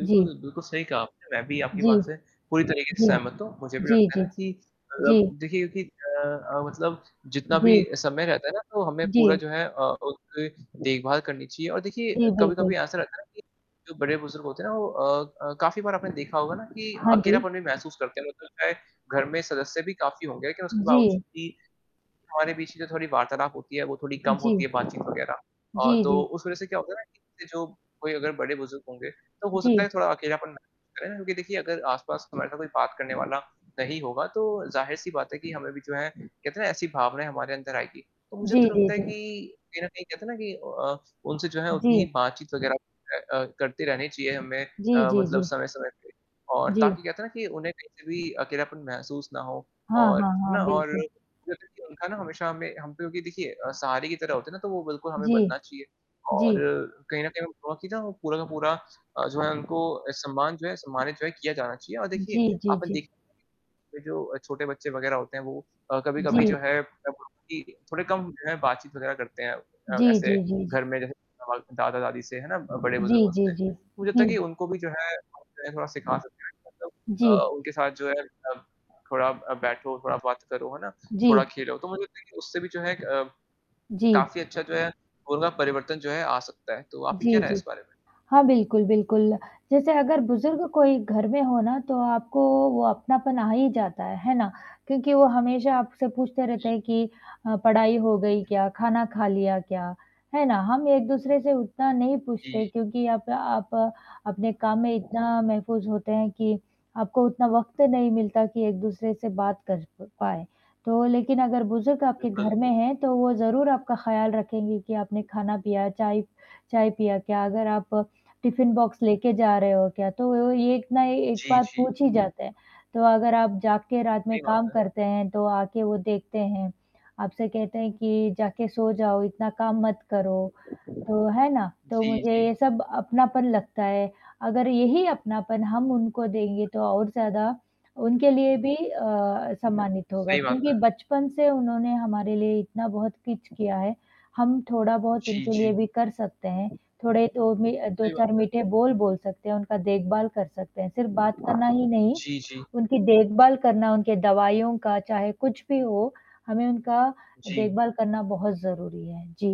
जी। बिल्कुल सही कहा आपने, मैं भी आपकी जी। बात से पूरी तरीके से जी। सहमत हूँ। मुझे भी जी, लगता है जी। ना कि मतलब जी। देखिए क्योंकि अ अ, मतलब जितना भी जी। समय रहता है ना, तो हमें पूरा जी। जो है अ, उनकी देखभाल करनी चाहिए। और देखिए, जी, बिल्कुल। कभी-कभी ऐसा रहता है ना कि जो बड़े-बुज़ुर्ग होते हैं ना वो अ अ, काफ़ी बार आपने देखा होगा ना कि हाँ जी। अकेलापन भी महसूस करते हैं। मेरे को लगता है, घर में सदस्य भी काफ़ी होंगे लेकिन उसके बावजूद जी। भी हमारे बीच कि जो थोड़ी वार्तालाप होती है, वो थोड़ी कम होती जी। है, बातचीत वगैरह। अ, जी, तो जी। उस वzह से क्या होता है ना कि, जो कोई अगर बड़े-बुज़ुर्ग होंगे, तो हो सकता जी। है थोड़ा अकेलापन महसूस करें, क्योंकि देखिए अगर आस-पास हमारे साथ कोई बात करने वाला नहीं होगा, तो ज़ाहिर-सी बात है कि हमें भी जो है कहते हैं ना, ऐसी भावनाएँ हमारे अंदर आएँगी। तो मुझे तो जी, जी, लगता है जी। कि, कहीं न कहीं कहते हैं ना कि अ उनसे जो है उतनी ही जी। बातचीत वगैरह अ अ, करते रहने चाहिए हमें जी, अ, जी, मतलब जी। समय-समय पे। और जी। ताकि कहते हैं ना कि उन्हें कहीं पे भी अकेलापन महसूस ना हो हाँ, और हाँ, है ना हाँ। और बिल्कुल। जो देखिए उनका ना हमेशा हमें हम पे क्योंकि देखिए अ, सहारे की तरह होते हैं ना? तो वो बिल्कुल हमें जी। बनना चाहिए। और जी। कहीं न कहीं हमें बहुत-सी ना वो पूरा का पूरा अ, जो है उनको सम्मान जो है सम्मानित जो है किया जाना चाहिए। और देखिए जी, जी, आप ना जी। देख जो अ, छोटे बच्चे वग़ैरह होते हैं वो अ, कभी-कभी जी। जो है मतलब उनकी थोड़े कम जो है बातचीत वग़ैरह करते हैं अ, जी, ऐसे जी, जी, जी। घर में जैसे कि वहाँ दादा-दादी से है ना जी, बड़े-बुजुर्गों जी, से। जी। मुझे लगता है कि ठीक है। उनको भी जो है आप उन्हें थोड़ा सिखा सकते हैं मतलब अ, जी। उनके साथ जो है अ, थोड़ा अ, बैठो और थोड़ा बात करो, है ना? थोड़ा जी। खेलो तो मुझे लगता है कि उससे भी जो है एक अ, जी। काफ़ी अच्छा जो है, उनका परिवर्तन जो है आ सकता है। तो आपकी क्या जी, राय है जी। इस बारे में? हाँ, बिल्कुल, बिल्कुल। जैसे अगर बुज़ुर्ग कोई घर में हो ना तो आपको वो अपनापन आ ही जाता है, है ना? क्योंकि वो हमेशा आपसे पूछते रहते जी। हैं कि अ, पढ़ाई हो गई क्या? खाना खा लिया क्या? है ना? हम एक-दूसरे से उतना नहीं पूछते हैं, जी। क्योंकि आप आप अपने काम में इतना महफ़ूज़ होते हैं कि आपको उतना वक़्त नहीं मिलता कि एक-दूसरे से बात कर प पाएँ। तो लेकिन अगर बुज़ुर्ग आपके बिल्कुल। घर में हैं तो वो ज़रूर आपका ख़्याल रखेंगे कि आपने खाना, पिया चाय चाय पिया क्या? अगर आप टिफिन बॉक्स लेके जा रहे हो क्या? तो ये एक ना एक जी, बात जी। पूछी जाता है। तो अगर आप जाग के रात में सही बात काम है। करते हैं, तो आके वो देखते हैं। आपसे कहते हैं कि जाके सो जाओ, इतना काम मत करो, तो है ना? तो जी, मुझे जी। ये सब अपनापन लगता है। अगर यही अपनापन हम उनको देंगे, तो और ज़्यादा उनके लिए भी अ, सम्मानित होगा, सही बात क्योंकि है। बचपन से उन्होंने हमारे लिए इतना बहुत कुछ किया है, हम थोड़ा-बहुत जी, उनके लिए जी। भी कर सकते हैं। थोड़े तो में अ, दो सही बात चार है। मीठे बोल बोल सकते हैं, उनका देखभाल कर सकते हैं। सिर्फ़ बात करना ही नहीं, जी, जी। उनकी देखभाल करना, उनके दवाइयों का चाहे कुछ भी हो, हमें उनका जी। देखभाल करना बहुत ज़रूरी है। जी।